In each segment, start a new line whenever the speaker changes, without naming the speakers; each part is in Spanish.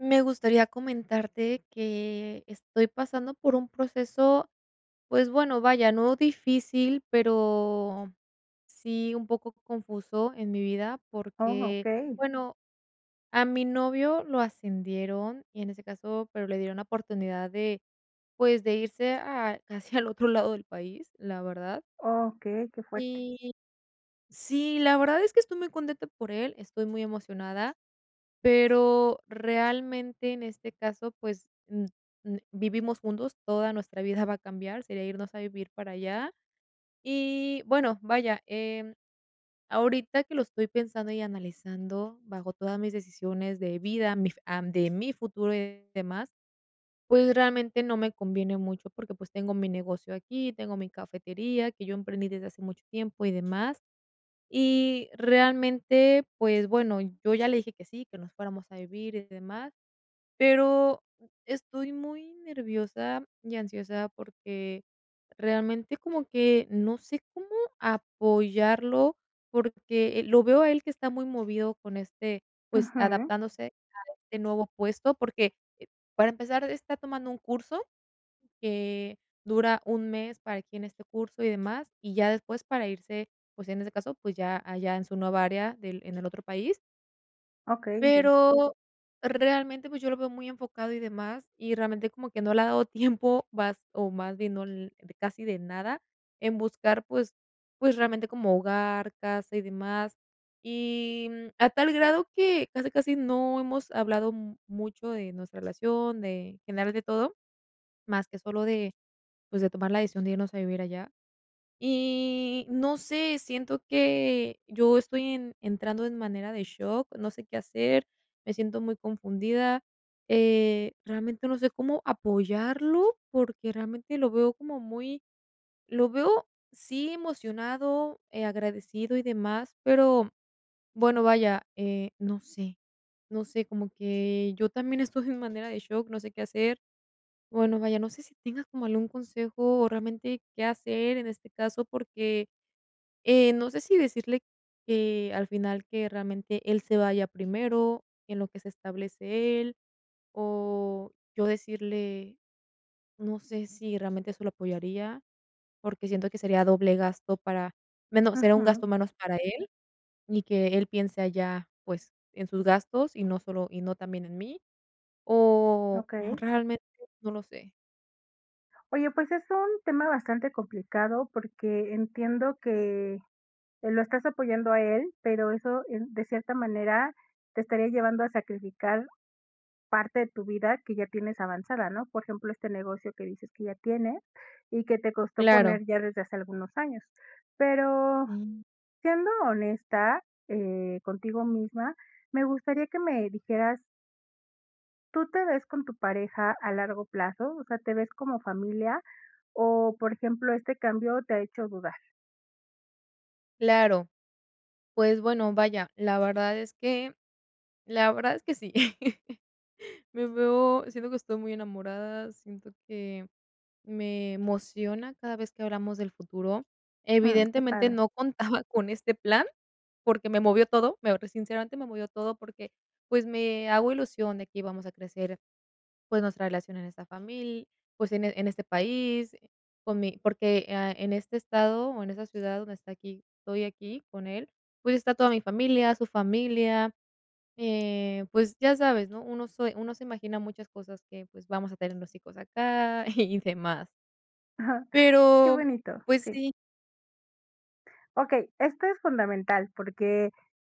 Me gustaría comentarte que estoy pasando por un proceso, pues, bueno, vaya, no difícil, pero sí un poco confuso en mi vida,
Oh,
porque,
okey.
bueno, a mi novio lo ascendieron, y en ese caso pero le dieron la oportunidad de, pues, de irse a casi al otro lado del país, la verdad
Okey, qué fuerte.
y, sí, la verdad es que estoy muy contenta por él, estoy muy emocionada, pero realmente, en este caso, pues, mm, mm, vivimos juntos, toda nuestra vida va a cambiar, sería irnos a vivir para allá. Y, bueno, vaya, em, ahorita que lo estoy pensando y analizando, bajo todas mis decisiones de vida, mi fu am, de mi futuro y demás, pues, realmente no me conviene mucho porque, pues, tengo mi negocio aquí, tengo mi cafetería, que yo emprendí desde hace mucho tiempo y demás. Y realmente, pues, bueno, yo ya le dije que sí, que nos fuéramos a vivir y demás. Pero estoy muy nerviosa y ansiosa, porque realmente como que, no sé cómo apoyarlo, porque, eh, lo veo a él que está muy movido con este, pues,
Ujú.
adaptándose a este nuevo puesto, porque, para empezar está tomando un curso que dura un mes, para aquí en este curso, y demás, y ya después para irse, pues, en ese caso, pues, ya allá en su nueva área del en el otro país.
Okey, entiendo.
Pero realmente, pues, yo lo veo muy enfocado y demás. Y, realmente, como que no le ha dado tiempo, vas o más bien, no l de casi de nada, en buscar, pues pues, realmente, como hogar, casa, y demás. Y, mm, a tal grado que, casi, casi, no hemos hablado mm, mucho de nuestra relación, de, en general, de todo, mas que solo de, pues, de tomar la decisión de irnos a vivir allá. Y no sé, siento que yo estoy en entrando en manera de shock, no sé qué hacer, me siento muy confundida, eh, realmente, no sé, cómo apoyarlo, porque realmente lo veo como muy lo veo sí emocionado, eh, agradecido y demás, pero, bueno, vaya, eh, no sé no sé, como que yo también estoy en manera de shock, no sé qué hacer. Bueno, vaya, no sé tengas como algún consejo, o realmente qué hacer en este caso, porque, eh, no sé si decirle que al final que realmente él se vaya primero, en lo que se establece él, o yo decirle, no sé si realmente eso lo apoyaría, porque siento que sería doble gasto para menos, sería un gasto
Ujú.
menos para él. Y que él piense allá, pues, en sus gastos, y no solo y no también en mí. O o
Okey.
realmente, no lo sé.
Oye, pues, es un tema bastante complicado, porque entiendo que que lo estás apoyando a él, pero eso, eh, de cierta manera, te estaría llevando a sacrificar parte de tu vida que ya tienes avanzada, ¿no? Por ejemplo, este negocio que dices que ya tienes, y que te costó
Claro.
poner ya desde hace algunos años. Pero,
Mm.
siendo honesta, eh, contigo misma, me gustaría que me dijeras ¿tú te ves con tu pareja a largo plazo? O sea, ¿te ves como familia? O, por ejemplo, ¿este cambio te ha hecho dudar?
Claro. Pues, bueno, vaya, la verdad es que la verdad es que sí. Me veo siento que estoy muy enamorada, siento que me emociona cada vez que hablamos del futuro.
Mm, qué
Evidentemente,
padre.
no contaba con este plan, porque me movió todo, me sinceramente, me movió todo porque, pues, me hago ilusión de que íbamos a crecer, pues, nuestra relación en esta famil pues, en en este país, eh, con mi porque, ah, en este estado, o en esa ciudad donde está aquí estoy aquí, con él, pues, está toda mi familia, su familia, eh, pues, ya sabes, ¿no? Uno se uno se imagina muchas cosas que, pues, vamos a tener los hijos acá, y demás.
Qué
Pero,
bonito.
pues,
Sí.
sí.
Okey, esto es fundamental, porque,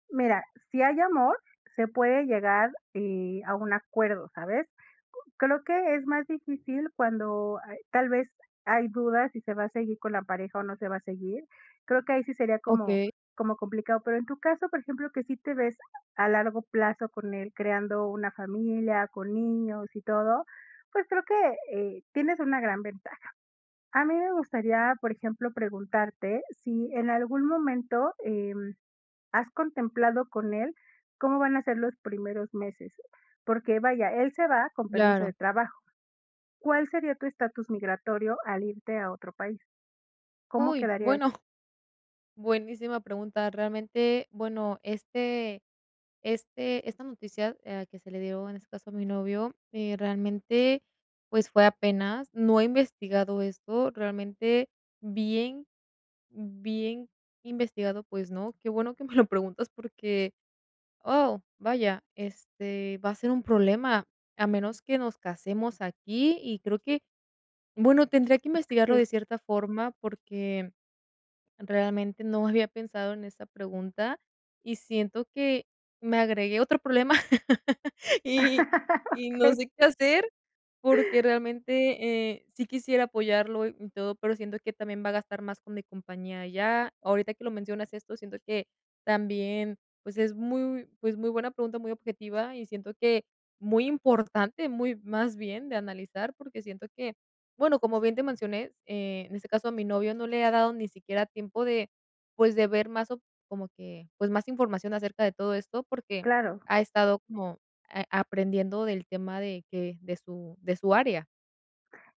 mira, si hay amor, se puede llegar, eh, a un acuerdo, ¿sabes? Creo que es más difícil cuando hay tal vez, hay dudas si se va a seguir con la pareja o no se va a seguir, creo que ahí sí sería como
Okey.
como complicado. Pero en tu caso, por ejemplo, que sí te ves a largo plazo con él, creando una familia, con niños y todo, pues, creo que, eh, tienes una gran ventaja. A mí me gustaría, por ejemplo, preguntarte si en algún momento, em, has contemplado con él cómo van a ser los primeros meses, porque, vaya, él se va con permiso de
Claro.
trabajo. ¿Cuál sería tu estatus migratorio al irte a otro país? ¿Cómo
Uy,
quedaría esto?
bueno. Buenísima pregunta. Realmente, bueno, este este esta noticia, ah, que se le dio, en ese caso, a mi novio, eh realmente, pues, fue apenas, no he investigado esto, realmente, bien bien investigado, pues, no. Qué bueno que me lo preguntas, porque, oh, vaya, este, va a ser un problema, a menos que nos casemos aquí, y creo que, bueno, tendría que investigarlo
Sí.
de cierta forma porque, realmente, no había pensado en esa pregunta, y siento que me agregué otro problema, y y no
Okey.
sé qué hacer, porque, realmente, eh, sí quisiera apoyarlo y todo, pero siento que también va a gastar más con mi compañía allá, ahorita que lo mencionas esto, siento que también, pues, es muy, pues, muy buena pregunta, muy objetiva, y siento que muy importante, muy más bien de analizar, porque siento que, bueno, como bien te mencioné, en este caso, a mi novio no le ha dado ni siquiera tiempo de, pues, de ver más op como que, pues, más información acerca de todo esto, porque
Claro.
ha estado como, a aprendiendo del tema de que de su de su área.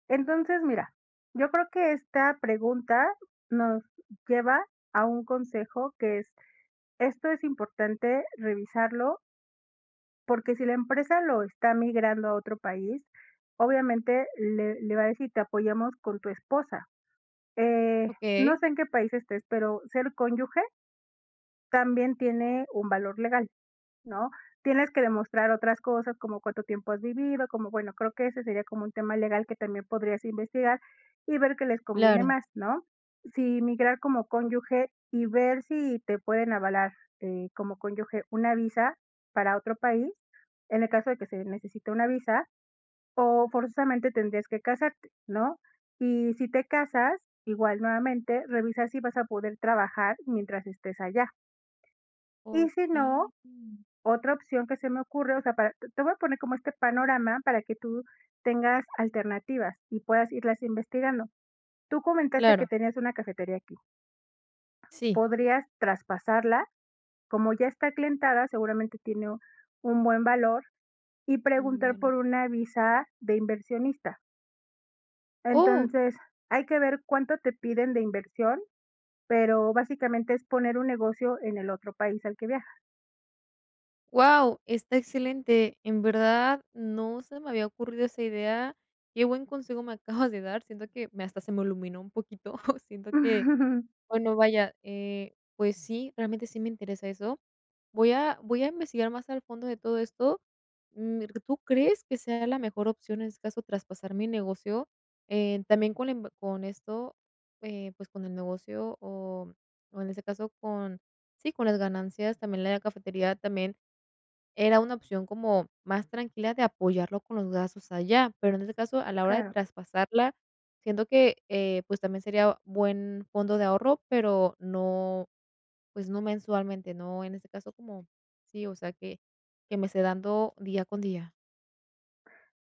Entonces, mira, yo creo que esta pregunta nos lleva a un consejo que es, esto es importante revisarlo porque si la empresa lo está migrando a otro país, obviamente, le le va a decir: "Te apoyamos con tu esposa". Eh, no
Okey.
sé en qué país estés, pero ser cónyuge también tiene un valor legal, ¿no? Tienes que demostrar otras cosas, como cuánto tiempo has vivido, como, bueno, creo que ese sería como un tema legal que también podrías investigar, y ver qué les conviene
Claro.
más, ¿no? Sí, migrar como cónyuge, y ver si te pueden avalar, eh, como cónyuge una visa para otro país, en el caso de que se necesite una visa, o forzosamente, tendrías que casarte, ¿no? Y si te casas, igual, nuevamente, revisa si vas a poder trabajar mientras estés allá. Y si no,
Okey, mm.
otra opción que se me ocurre, o sea, para te te voy a poner como este panorama para que tú tengas alternativas y puedas irlas investigando. Tú comentaste que
Claro.
tenías una cafetería aquí.
Sí.
Podrías traspasarla, como ya está aclientada, seguramente, tiene un buen valor, y
Un
preguntar
valor.
por una visa de inversionista.
Oh.
Entonces, hay que ver cuánto te piden de inversión, pero básicamente es poner un negocio en el otro país al que viaja.
Guau, está excelente. En verdad, no se me había ocurrido esa idea, qué buen consejo me acabas de dar, siento que me hasta se me iluminó un poquito siento que, bueno, vaya, eh, pues sí, realmente sí me interesa eso. Voy a voy a investigar más al fondo de todo esto, mm, ¿tú crees que sea la mejor opción, en este caso, traspasar mi negocio? Eh, también con la inv con esto, eh, pues con el negocio, o o en este caso con, sí, con las ganancias, también la cafetería también era una opción como más tranquila de apoyarlo con los gastos allá. Pero en este caso, a la hora de
Claro.
traspasarla, siento que, eh, pues también sería buen fondo de ahorro, pero no, pues, no mensualmente, no, en este caso como, sí, o sea que que me esté dando día con día.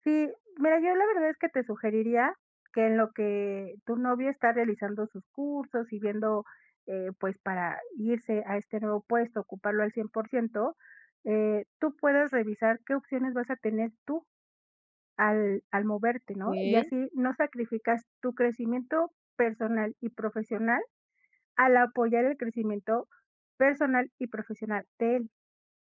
Sí, mira, yo la verdad es que te sugeriría que en lo que tu novio está realizando sus cursos, y viendo, eh, pues, para irse a este nuevo puesto, ocuparlo al 100%, eh, tú puedas revisar qué opciones vas a tener tú al al moverte, ¿no? Y
Okey.
así, no sacrificas tu crecimiento personal y profesional al apoyar el crecimiento personal y profesional de él,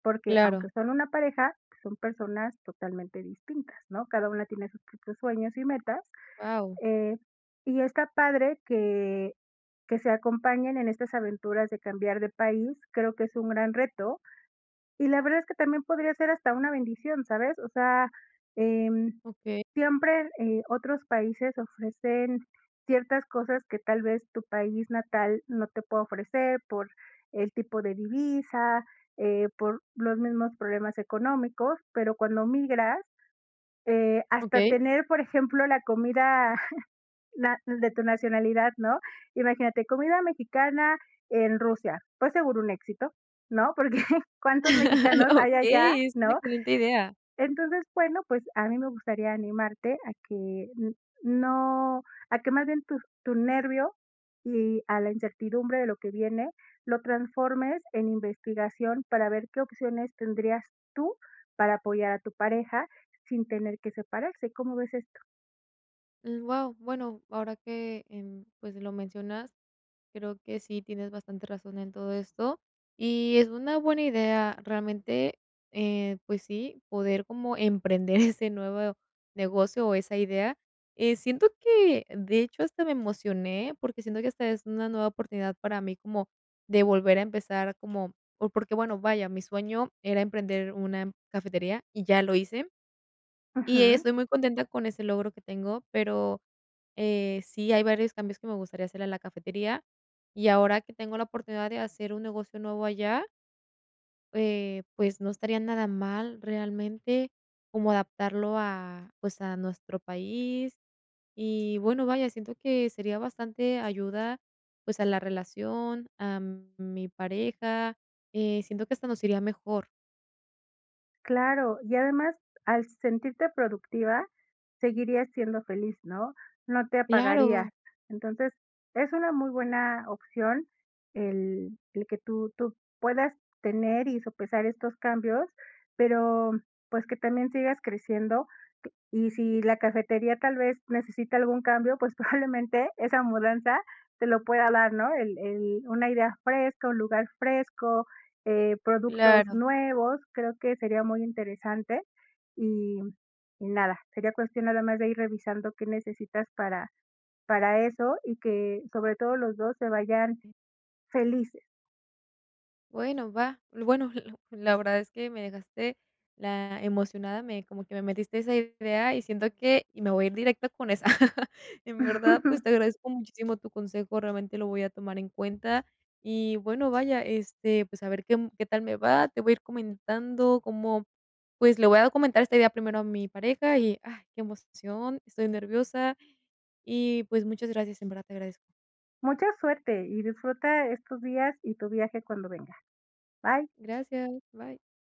porque, aunque
Claro.
son una pareja, son personas totalmente distintas, ¿no?, cada una tiene sus propios sueños y metas,
Guau.
eh, y está padre que que se acompañen en estas aventuras de cambiar de país, creo que es un gran reto, y la verdad es que también podría ser hasta una bendición, ¿sabes? O sea, em,
Okey.
siempre, eh, otros países ofrecen ciertas cosas que tal vez tu país natal no te pueda ofrecer por el tipo de divisa, eh, por los mismos problemas económicos, pero cuando migras, eh, hasta
Okey.
tener, por ejemplo, la comida na de tu nacionalidad, ¿no?, imagínate, comida mexicana en Rusia, pues, seguro un éxito, ¿no?, porque cuántos mexicanos hay allá,
Okey. Es una
¿no?
excelente idea.
Entonces, bueno, pues, a mí me gustaría animarte a que n no a que más bien tus tu nervio, y a la incertidumbre de lo que viene, lo transformes en investigación para ver qué opciones tendrías tú para apoyar a tu pareja sin tener que separarse. ¿Cómo ves esto?
Mm, guau, bueno, ahora que, em, pues, lo mencionas, creo que sí tienes bastante razón en todo esto, y es una buena idea, realmente, eh, pues sí, poder como emprender ese nuevo negocio, o esa idea. Eh, siento que, de hecho, hasta me emocioné, porque siento que hasta es una nueva oportunidad para mí como de volver a empezar, como o porque, bueno, vaya, mi sueño era emprender una cafetería, y ya lo hice, y
Ajá.
estoy muy contenta con ese logro que tengo, pero, eh, sí hay varios cambios que me gustaría hacerle a la cafetería, y ahora que tengo la oportunidad de hacer un negocio nuevo allá eh, pues no estaría nada mal, realmente, como adaptarlo a, pues, a nuestro país. Y bueno, vaya, siento que sería bastante ayuda, pues, a la relación, a mi pareja, eh, siento que hasta nos iría mejor.
Claro. Y además al sentirte productiva seguirías siendo feliz, ¿no? No te apagaría.
Claro.
Entonces, es una muy buena opción el el que tú tú puedas tener y sopesar estos cambios, pero, pues, que también sigas creciendo. Y si la cafetería tal vez necesita algún cambio, pues, probablemente esa mudanza te lo pueda dar, ¿no? El el una idea fresco, un lugar fresco, eh, productos
Claro.
nuevos. Creo que sería muy interesante, y y nada. Sería cuestión nada más de ir revisando qué necesitas para para eso y que, sobre todo, los 2 se vayan felices.
Bueno, va. Lo bueno, la la verdad es que me dejaste la emocionada, me como que me metiste a esa idea y siento que y me voy a ir directo con esa. En verdad, pues, te agradezco muchísimo tu consejo, realmente lo voy a tomar en cuenta. Y, bueno, vaya, este, pues, a ver qué qué tal me va. Te voy a ir comentando cómo pues, le voy a comentar esta idea primero a mi pareja y, ah, qué emoción. Estoy nerviosa, y, pues, muchas gracias, en verdad te agradezco.
Mucha suerte. Y disfruta estos días, y tu viaje cuando venga. Bye.
Gracias. Bye.